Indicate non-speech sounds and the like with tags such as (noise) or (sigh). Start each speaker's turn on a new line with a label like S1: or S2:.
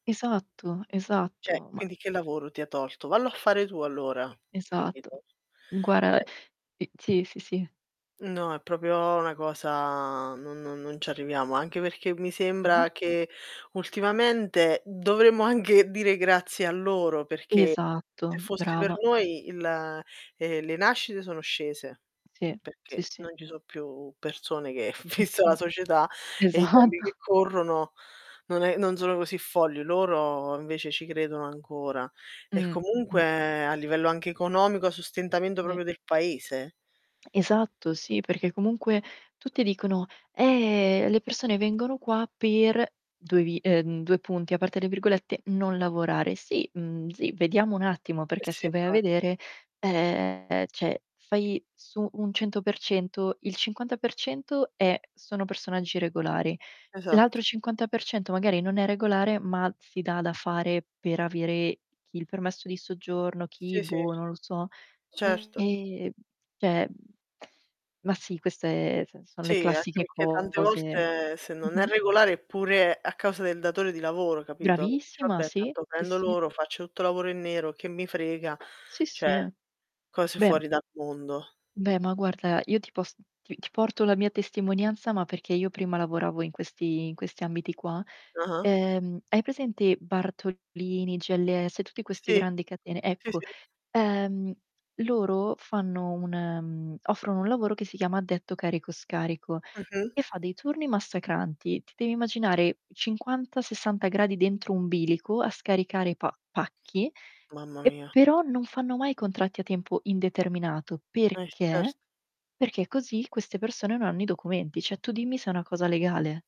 S1: Esatto,
S2: Cioè,
S1: esatto, ma
S2: quindi che lavoro ti ha tolto? Vallo a fare tu allora,
S1: Esatto,
S2: capito?
S1: guarda,
S2: Cioè
S1: i sì, sì, sì.
S2: No, è proprio 'na cosa non non non ci arriviamo, anche perché mi
S1: Mh-mh.
S2: sembra che, ultimamente, dovremmo anche dire grazie a loro, perché se
S1: Esatto,
S2: fossi per
S1: brava.
S2: noi, il ehm, le nascite sono scese,
S1: Sì, sì,
S2: perché,
S1: sì.
S2: non ci so' più persone che vista la
S1: (unintelligible)
S2: società e i tempi
S1: Esatto.
S2: che corrono, non è non sono così folli; loro invece ci credono ancora, e
S1: Mh, mh-mh.
S2: comunque, a livello anche economico, sostentamento
S1: Ve
S2: proprio del Paese.
S1: Esatto, sì, perché comunque tutti dicono: "Eh, le persone vengono qua per" 2 vi ehm, 2 punti, aperte le virgolette, "non lavorare". Sì, uhm, sì, vediamo un attimo,
S2: Eh
S1: perché
S2: si,
S1: se vai a
S2: infatti.
S1: vedere, ehm cioè fai su un 100%, il 50% è sono personaggi regolari; l'altro
S2: Esatto.
S1: 50% magari non è regolare, ma si dà da fare, per avere chi il permesso di soggiorno, chi,
S2: Sì, sì.
S1: boh, non lo so.
S2: Certo.
S1: Ehm cioè, mhmm, ma sì, questa è nel sens son le
S2: Sì, anche
S1: classiche
S2: perché tante
S1: cose.
S2: volte se non è
S1: Mh-mh.
S2: regolare, è pure a causa del datore di lavoro, capito? Dice:
S1: Bravissima,
S2: "Vabbè
S1: sì.
S2: tanto
S1: Sì,
S2: prendo
S1: si.
S2: loro, faccio tutto lavoro in nero, che mi frega"
S1: Sì, si,
S2: cioè
S1: eh.
S2: cose
S1: Beh
S2: fuori dal mondo.
S1: Beh, ma guarda, io ti pos ti ti porto la mia testimonianza, ma perché io prima lavoravo in questi in questi ambiti qua.
S2: Ah-ah.
S1: Ehm, hai presente Bartolini, GLS, tutti questi
S2: Sì.
S1: grandi catene?
S2: Sì,
S1: Ecco,
S2: sì.
S1: ehm, loro fanno un ehm, offrono un lavoro che si chiama addetto carico-scarico,
S2: Mh-mh.
S1: e fa dei turni massacranti. Ti devi immaginare 50, 60 gradi dentro un bilico, a scaricare pa pacchi,
S2: Mamma
S1: e
S2: mia.
S1: però non fanno mai contratti a tempo indeterminato.
S2: E cert
S1: Perché? Perché così queste persone non hanno i documenti; cioè tu dimmi se è una cosa legale.